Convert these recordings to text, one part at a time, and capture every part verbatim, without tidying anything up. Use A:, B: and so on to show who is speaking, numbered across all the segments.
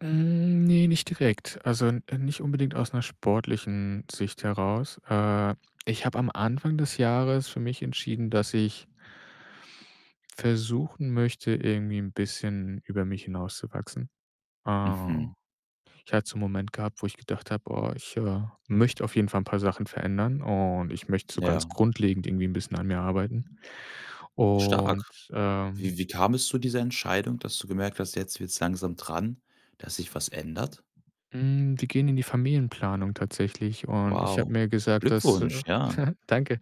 A: Hm, ne, nicht direkt. Also, n nicht unbedingt aus 'ner sportlichen Sicht heraus. Äh, ich habe am Anfang des Jahres für mich entschieden, dass ich versuchen möchte, irgendwie 'n bisschen über mich hinauszuwachsen. Äh,
B: Mhm.
A: ich hatte so 'nen Moment gehabt, wo ich gedacht habe: „Oh, ich, äh, möchte auf jeden Fall 'n paar Sachen verändern und ich möchte so ganz
B: Ja.
A: grundlegend irgendwie 'n bisschen an mir arbeiten.“ Und,
B: Stark.
A: ähm
B: Wie Wie kam es zu dieser Entscheidung, dass du gemerkt hast, jetzt wird's langsam dran, dass sich was ändert?
A: Hm, wir gehen in die Familienplanung tatsächlich. Und ich habe
B: Wow,
A: mir gesagt, dass,
B: Glückwunsch,
A: äh
B: ja.
A: danke.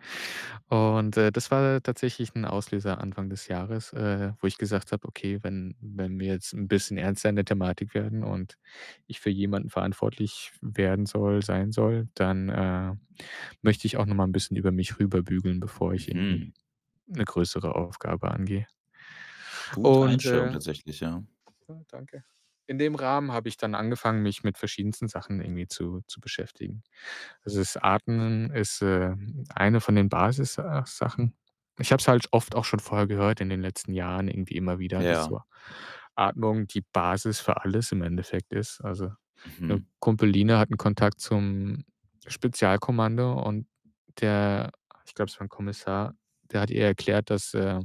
A: Und, äh, das war tatsächlich 'n Auslöser Anfang des Jahres, äh, wo ich gesagt habe: „Okay, wenn wenn wir jetzt 'n bisschen ernster in der Thematik werden und ich für jemanden verantwortlich w werden soll sein soll, dann, äh, möchte ich auch noch mal 'n bisschen über mich rüberbügeln, bevor ich irgendwie
B: Mhm.
A: 'ne größere Aufgabe angehe.“
B: Gute
A: Und,
B: Einstellung
A: äh äh,
B: tatsächlich, ja.
A: danke. In dem Rahmen habe ich dann angefangen, mich mit verschiedensten Sachen irgendwie zu zu beschäftigen. Also, das Atmen ist, ähm, eine von den Basis äh, Sachen. Ich habe es halt oft auch schon vorher gehört in den letzten Jahren irgendwie immer wieder, dass
B: Ja.
A: so Atmung die Basis für alles im Endeffekt ist. Also, 'ne
B: Mhm.
A: Kumpeline hat 'nen Kontakt zum Spezialkommando und der ich glaube, es war 'n Kommissar, der hat ihr erklärt, dass, äh,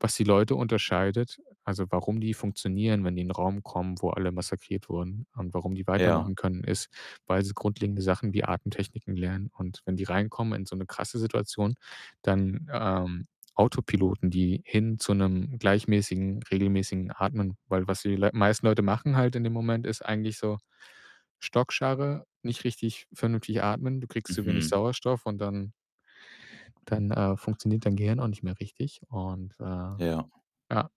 A: was die Leute unterscheidet also, warum die funktionieren, wenn die in 'nen Raum kommen, wo alle massakriert wurden und warum die
B: Ja.
A: weitermachen können, ist, weil sie grundlegende Sachen wie Atemtechniken lernen. Und wenn die reinkommen in so 'ne krasse Situation, dann, ähm, Autopiloten, die hin zu 'nem gleichmäßigen, regelmäßigen Atmen, weil was die L meisten Leute machen halt in dem Moment, ist eigentlich so Stockscharre, nicht richtig vernünftig atmen. Du kriegst zu wenig
B: Mhm.
A: Sauerstoff und dann dann, äh, funktioniert dein Gehirn auch nicht mehr richtig. Und, äh
B: Ja.
A: ja,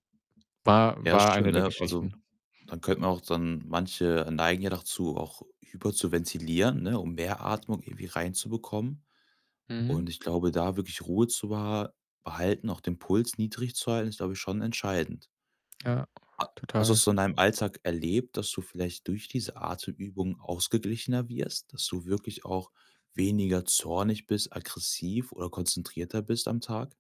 A: war
B: Ja,
A: war
B: schön,
A: eine der
B: ne? Also,
A: Geschichten.
B: dann könnten auch dann manche neigen ja dazu, auch hyperzuventilieren, ne, um mehr Atmung irgendwie reinzubekommen.
A: Mhm.
B: Und ich glaube, da wirklich Ruhe zu beha behalten, auch den Puls niedrig zu halten, ist, glaube ich, schon entscheidend.
A: Ja,
B: A hast du das
A: total.
B: so in deinem Alltag erlebt, dass du vielleicht durch diese Atemübungen ausgeglichener wirst? Dass du wirklich auch weniger zornig bist, aggressiv oder konzentrierter bist am Tag?